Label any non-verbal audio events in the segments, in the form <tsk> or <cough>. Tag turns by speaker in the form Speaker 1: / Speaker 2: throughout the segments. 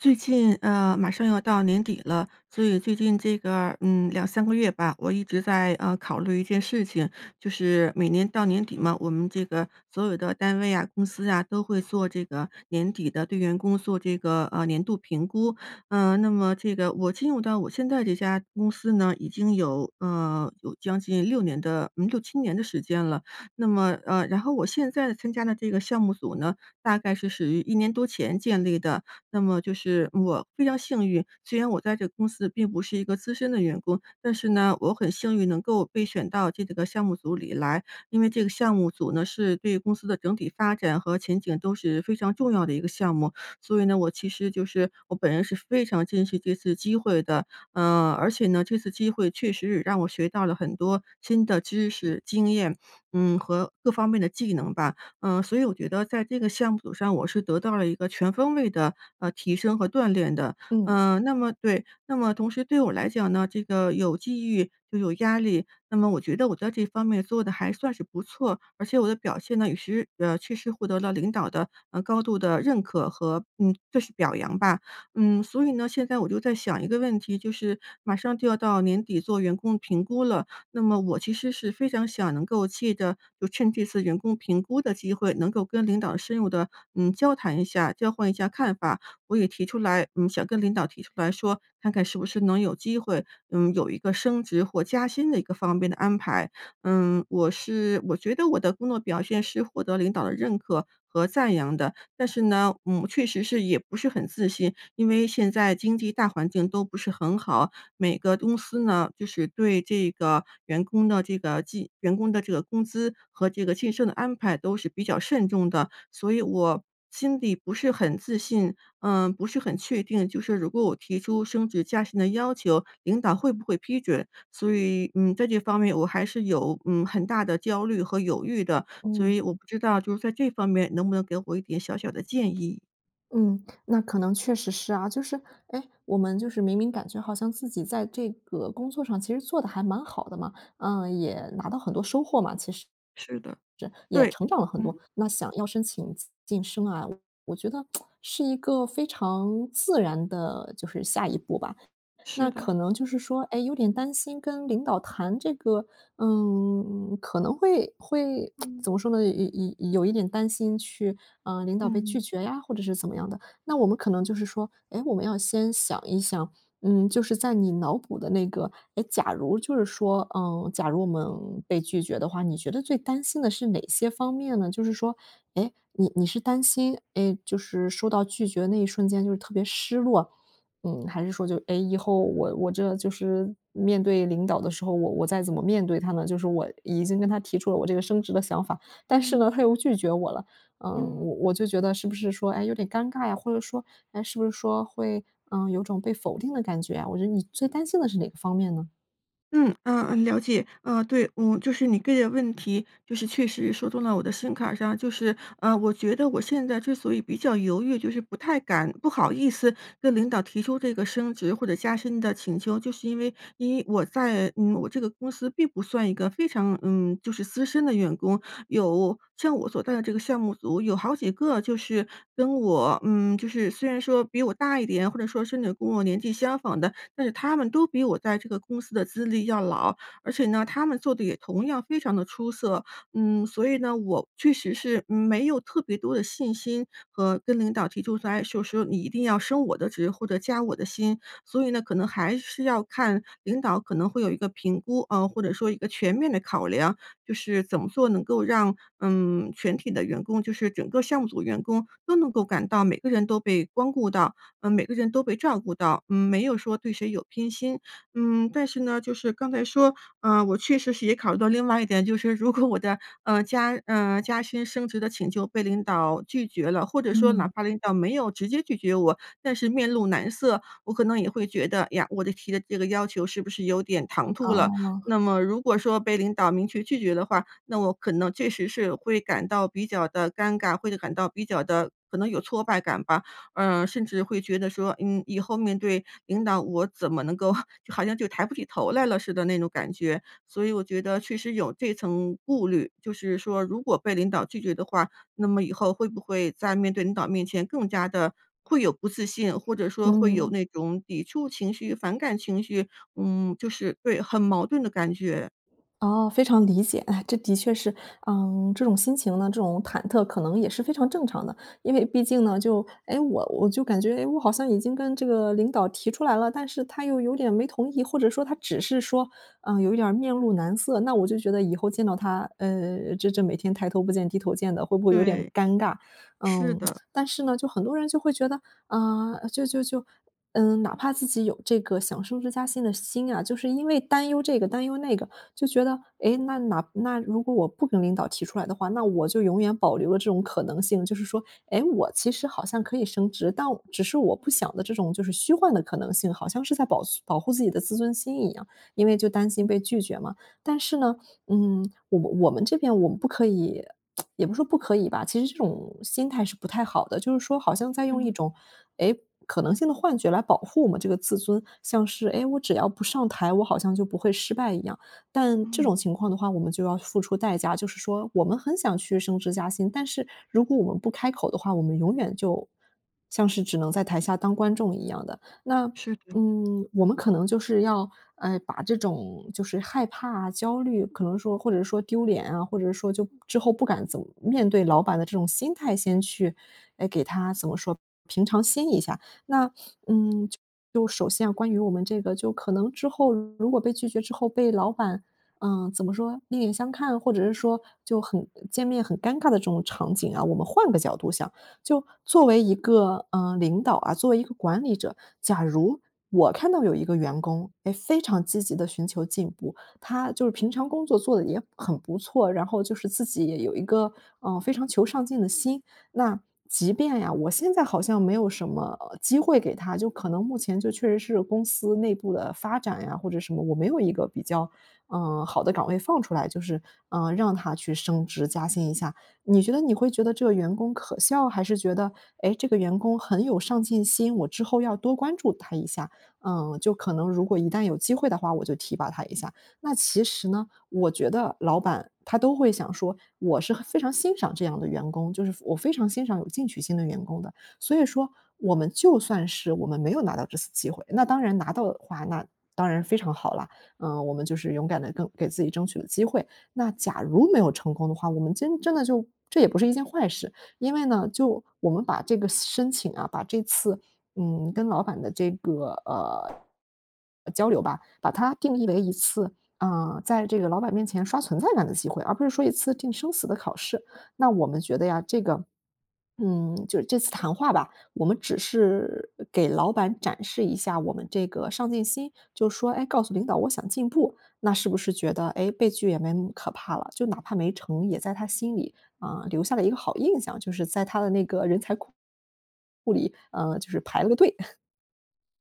Speaker 1: 最近呃马上要到年底了，所以最近这个嗯2、3个月吧，我一直在呃考虑一件事情。就是每年到年底嘛，我们这个所有的单位啊、公司啊，都会做这个年底的对员工做这个呃年度评估。呃那么这个我进入到我现在这家公司呢，已经有呃有将近6年的6、7年的时间了，那么，呃然后我现在参加了这个项目组呢，大概是属于1年多前建立的。那么就是我非常幸运，虽然我在这个公司并不是一个资深的员工，但是呢，我很幸运能够被选到这个项目组里来，因为这个项目组呢，是对公司的整体发展和前景都是非常重要的一个项目，所以呢，我其实就是我本人是非常珍惜这次机会的。呃而且呢，这次机会确实让我学到了很多新的知识、经验，嗯和各方面的技能吧。呃所以我觉得在这个项目上我是得到了一个全方位的，呃，提升和锻炼的。
Speaker 2: 嗯。
Speaker 1: 呃那么对，那么同时对我来讲呢，这个有机遇就有压力，那么我觉得我在这一方面做得还算是不错，而且我的表现呢，也是呃确实获得了领导的呃高度的认可和嗯就是表扬吧。嗯，所以呢，现在我就在想一个问题，就是马上就要到年底做员工评估了，那么我其实是非常想能够借得就趁这次员工评估的机会，能够跟领导深入地嗯交谈一下，交换一下看法。我也提出来嗯想跟领导提出来说，看看是不是能有机会，嗯有一个升职或加薪的一个方面的安排。嗯，我是我觉得我的工作表现是获得领导的认可和赞扬的，但是呢，嗯确实是也不是很自信，因为现在经济大环境都不是很好，每个公司呢，就是对这个员工的这个晋员工的这个工资和这个晋升的安排都是比较慎重的。所以我心底不是很自信呃不是很确定，就是如果我提出升职加薪的要求，领导会不会批准，所以，嗯在这方面我还是有嗯很大的焦虑和犹豫的。所
Speaker 2: 嗯。
Speaker 1: 以我不知道就在这方面能不能给我一点小小的建议。
Speaker 2: 嗯，那可能确实是啊，就是诶，我们就是明明感觉好像自己在这个工作上其实做得还蛮好的嘛，呃，也拿到很多收获嘛，其实
Speaker 1: 是的。
Speaker 2: 也
Speaker 1: 对。
Speaker 2: 成长了很多，
Speaker 1: 嗯。
Speaker 2: 那想要申请晋晋升啊，我觉得，<tsk> 是一个非常自然的，就是下一步吧。
Speaker 1: 是
Speaker 2: 那可
Speaker 1: 的。
Speaker 2: 能就是说，诶，有点担心跟领导谈这个，嗯，可能会会 <tsk>
Speaker 1: 嗯。
Speaker 2: 怎么说呢，有有有有有一点担心去呃，领导被拒
Speaker 1: 嗯。
Speaker 2: 绝呀，或者是怎么样的。那我们可能就是说，哎，我们要先想一想，嗯，就是在你脑补的那个诶，假如就是说嗯，假如我们被拒绝的话，你觉得最担心的是哪些方面呢？就是说，诶，你你是担心，嗯，就是收到拒绝那一瞬间就是特别失落。嗯，还是说就，诶，以后我我这就是面对领导的时候，我我再怎么面对他呢？就是我已经跟他提出了我这个升职的想法，但是
Speaker 1: 嗯。
Speaker 2: 呢，他又拒绝我了，呃，
Speaker 1: 嗯。
Speaker 2: 我我就觉得是不是说，哎，有点尴尬呀，或者说，哎，是不是说会，呃，有种被否定的感觉啊？我觉得你最担心的是哪个方面呢？
Speaker 1: 嗯，呃呃了解。呃对。嗯就是你个人问题就是确实说动了我的心坎上，就是呃我觉得我现在之所以比较犹豫就是不太敢不好意思跟领导提出这个升职或者加薪的请求，就是因为因为我在嗯我这个公司并不算一个非常嗯就是资深的员工。有像我所在的这个项目组有好几个就是跟我嗯就是虽然说比我大一点，或者说甚至有跟我年纪相仿的，但是他们都比我在这个公司的资历要老，而且呢，他们做得也同样非常地出色。嗯，所以呢，我确实是没有特别多的信心和跟领导提出说哎说说你一定要升我的职或者加我的薪。所以呢，可能还是要看领导可能会有一个评估啊，或者说一个全面的考量。就是怎么做能够让嗯全体的员工就是整个项目组员工都能够感到每个人都被光顾到，呃每个人都被照顾到，嗯没有说对谁有偏心，嗯。但是呢，就是刚才说，呃我确实是也考虑到另外一点，就是如果我的呃加呃加薪升职的请求被领导拒绝了，或者说哪
Speaker 2: 嗯。
Speaker 1: 怕领导没有直接拒绝我，但是面露难色，我可能也会觉得，呀，我的提的这个要求是不是有点唐突了？
Speaker 2: 哦。
Speaker 1: 那么如果说被领导明确拒绝的话，那我可能确实是会感到比较地尴尬，或者感到比较地可能有挫败感吧。呃甚至会觉得说，嗯以后面对领导，我怎么能够 <chuckles> 就好像就抬不起头来了似的那种感觉。所以我觉得确实有这层顾虑，就是说如果被领导拒绝的话，那么以后会不会在面对领导面前更加地会有不自信，或者说会有
Speaker 2: 嗯。
Speaker 1: 那种抵触情绪、反感情绪。嗯就是对，很矛盾的感觉。
Speaker 2: 哦，非常理解。唉，这的确是呃这种心情呢，这种忐忑，可能也是非常正常的。因为毕竟呢就诶，我我就感觉我好像已经跟这个领导提出来了，但是他又有点没同意，或者说他只是说呃有一点儿面露难色，那我就觉得以后见到他，呃这这每天抬头不见低头见的，会不会有点
Speaker 1: 对，
Speaker 2: 尴尬。
Speaker 1: 是
Speaker 2: 嗯，
Speaker 1: 的。
Speaker 2: <tsk> 但是呢，就很多人会觉得，啊，就就就嗯哪怕自己有这个想升职加薪的心啊，就是因为担忧这个担忧那个，就觉得，诶，那那那如果我不跟领导提出来的话，那我就永远保留了这种可能性。就是说，诶，我其实好像可以升职，但只是我不想的这种就是虚幻的可能性。好像是在保存保护自己的自尊心一样，因为就担心
Speaker 1: 嗯。
Speaker 2: 被拒绝嘛。但是呢，嗯我我们这边我们不可以，<tsk> 也不是说不可以吧，其实这种心态是不太好的。就是说好像在用一
Speaker 1: 嗯。
Speaker 2: 种诶可能性的幻觉来保护我们这个自尊，像是诶我只要不上台，我好像就不会失败一样。但这
Speaker 1: 嗯。
Speaker 2: 种情况的话我们就要付出代价，就是说我们很想去升职加薪，但是如果我们不开口的话，我们永远就像是只能在台下当观众一样的。那
Speaker 1: 是的。
Speaker 2: 嗯我们可能就是要呃把这种就是害怕焦虑，可能说或者说丢脸啊，或者说就之后不敢怎么面对老板的这种心态，先去诶给它怎么说，平常心一下。那嗯就首先啊，关于我们这个就可能之后如果被拒绝之后被老板，呃怎么说，另眼相看？或者是说就很见面很尴尬的这种场景啊，我们换个角度想。就作为一个呃领导啊，作为一个管理者，假如，我看到有一个员工诶非常积极地寻求进步，他就是平常工作做得也很不错，然后就是自己有一个呃非常求上进的心，那即便呀，我现在好像没有什么机会给他，就可能目前就确实是公司内部的发展呀，或者什么，我没有一个比较呃好的岗位放出来，就是呃让他去升职加薪一下。你觉得你会觉得这个员工可笑，还是觉得诶，这个员工很有上进心，我之后要多关注他一下。呃就可能如果一旦有机会的话，我就提拔他一下。那其实呢，我觉得老板他都会想说，我是很非常欣赏这样的员工，就是我非常欣赏有进取心的员工的。所以说我们就算是我们没有拿到这次机会那当然拿到的话，那当然非常好了，呃我们就是勇敢地跟给自己争取了机会。那假如没有成功的话，我们真真的就，这也不是一件坏事。因为呢，就我们把这个申请啊，把这次嗯跟老板的这个呃呃，交流吧，把它定义为一次啊在这个老板面前刷存在感的机会，而不是说一次定生死的考试。那我们觉得呀，这个嗯就是这次谈话吧，我们只是给老板展示一下我们这个上进心，就说诶，告诉领导我想进步。那是不是觉得，诶，被拒也没那么可怕了。就哪怕没成也在他心里，呃留下了一个好印象，就是在他的那个人才库库里，呃就是排了个队。<chuckles>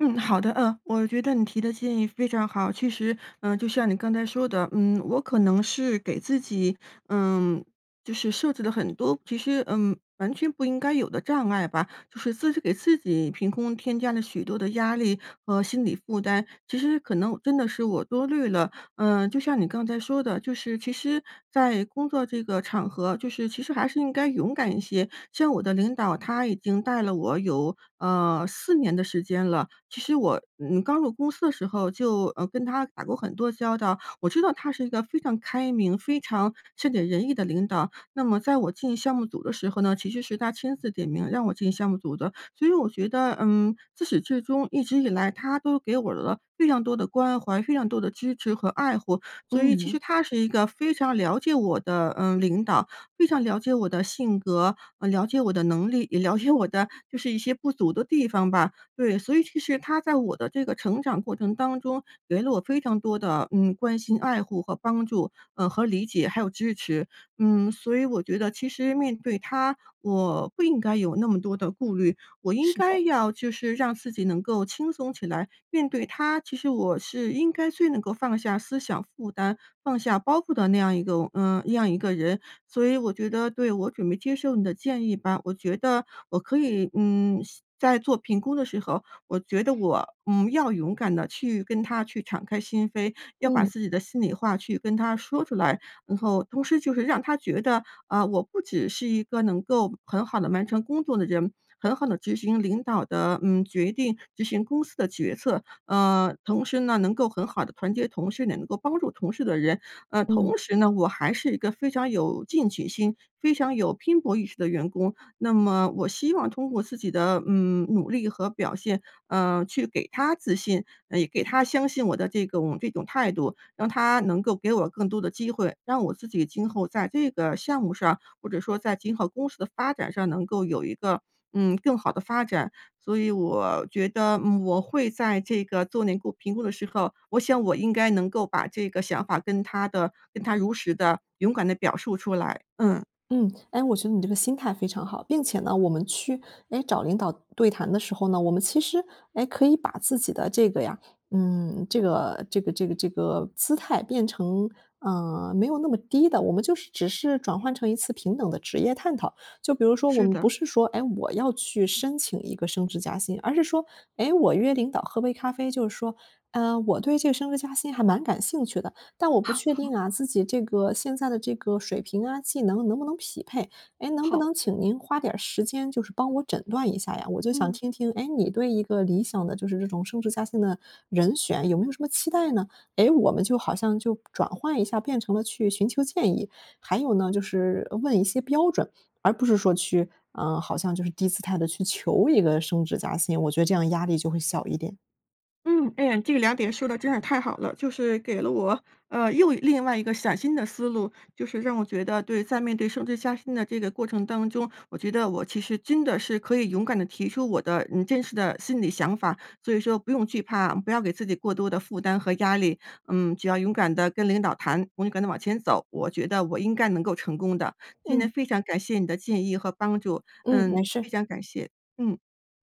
Speaker 1: 嗯，好的，呃，我觉得你提的建议非常好。其实，呃，就像你刚才说的，嗯，我可能是给自己，呃，就是设置了很多其实，嗯，完全不应该有的障碍吧。就是自己给自己凭空添加了许多的压力和心理负担，其实可能真的是我多虑了。呃，就像你刚才说的，就是其实在工作这个场合，就是其实还是应该勇敢一些。像我的领导，他已经带了我有，呃，4年的时间了。其实我，嗯，刚入公司的时候就，呃，跟他打过很多交道，我知道他是一个非常开明、非常善解人意的领导。那么在我进项目组的时候呢，其实是他亲自点名让我进项目组的。所以我觉得，嗯，自始至终一直以来，他都给我了非常多的关怀，非常多的支持和爱护。所以其实
Speaker 2: 嗯。
Speaker 1: 他是一个非常了解我的，呃，领导，非常了解我的性格，呃，了解我的能力，也了解我的就是一些不足的地方吧。对，所以其实他在我的这个成长过程当中，给了我非常多的，嗯，关心爱护和帮助，呃，和理解，还有支持，嗯，所以我觉得其实面对他，我不应该有那么多的顾虑。我应
Speaker 2: 是
Speaker 1: 该
Speaker 2: 的。
Speaker 1: 要就是让自己能够轻松起来，面对他，其实我是应该最能够放下思想负担，放下包袱的那样一个我呃，那样一个人。所以我觉得对，我准备接受你的建议吧，我觉得我可以，嗯，先在做评估的时候，我觉得我，嗯，要勇敢地去跟他去敞开心扉，要把
Speaker 2: 嗯。
Speaker 1: 自己的心里话去跟他说出来。然后，同时就是让他觉得，呃，我不只是一个能够很好地完成工作的人，很好地执行领导的，嗯，决定，执行公司的决策，呃，同时呢，能够很好地团结同事，也能够帮助同事的人。呃，
Speaker 2: 嗯。
Speaker 1: 同时呢，我还是一个非常有进取心，非常有拼搏意识的员工，那么我希望通过自己的，嗯，努力和表现，呃，去给他自信，也给他相信我的这种这种态度，让他能够给我更多的机会，让我自己今后在这个项目上，或者说在今后公司的发展上，能够有一个，嗯，更好的发展。所以我觉得，嗯，我会在这个做内部评估的时候，我想我应该能够把这个想法，跟他的跟他如实地、勇敢地表述出来，嗯。
Speaker 2: 嗯，哎，我觉得你这个心态非常好，并且呢，我们去，诶，找领导对谈的时候呢，我们其实，诶，可以把自己的这个呀嗯，这个这个这个这个姿态变成，呃，没有那么低的，我们就是只是转换成一次平等的职业探讨。就比如说我
Speaker 1: 是
Speaker 2: 们不
Speaker 1: 的。
Speaker 2: 是说，哎，我要去申请一个升职加薪，而是说，哎，我约领导喝杯咖啡，就是说，哎，我对这个升职加薪还蛮感兴趣的，但我不确
Speaker 1: <chuckles>
Speaker 2: 定啊，自己这个现在的这个水平啊、技能，能不能匹配。哎，能不
Speaker 1: 好
Speaker 2: 能
Speaker 1: 的。
Speaker 2: 请您花点儿时间，就是帮我诊断一下呀，我就想
Speaker 1: 嗯。
Speaker 2: 听听，哎，你对一个理想的就是这种升职加薪的人选，有没有什么期待呢？诶，我们就好像就转换一下，变成了去寻求建议。还有呢，就是，呃，问一些标准，而不是说去啊，好像就是低姿态地去求一个升职加薪，我觉得这样压力就会小一点。
Speaker 1: 嗯，诶，这个2点说得真是太好了，就是给了我，呃，又另外一个崭新的思路。就是让我觉得对，在面对升职加薪的这个过程当中，我觉得我其实真的是可以勇敢地提出我的，嗯，真实的心理想法。所以说不用惧怕，不要给自己过多的负担和压力。嗯，只要勇敢地跟领导谈，勇敢地往前走，我觉得我应该能够成功的。今天
Speaker 2: 嗯。
Speaker 1: 非常感谢你的建议和帮助，
Speaker 2: 嗯，
Speaker 1: 呃，
Speaker 2: 没
Speaker 1: 非
Speaker 2: 事。
Speaker 1: 常感谢，嗯。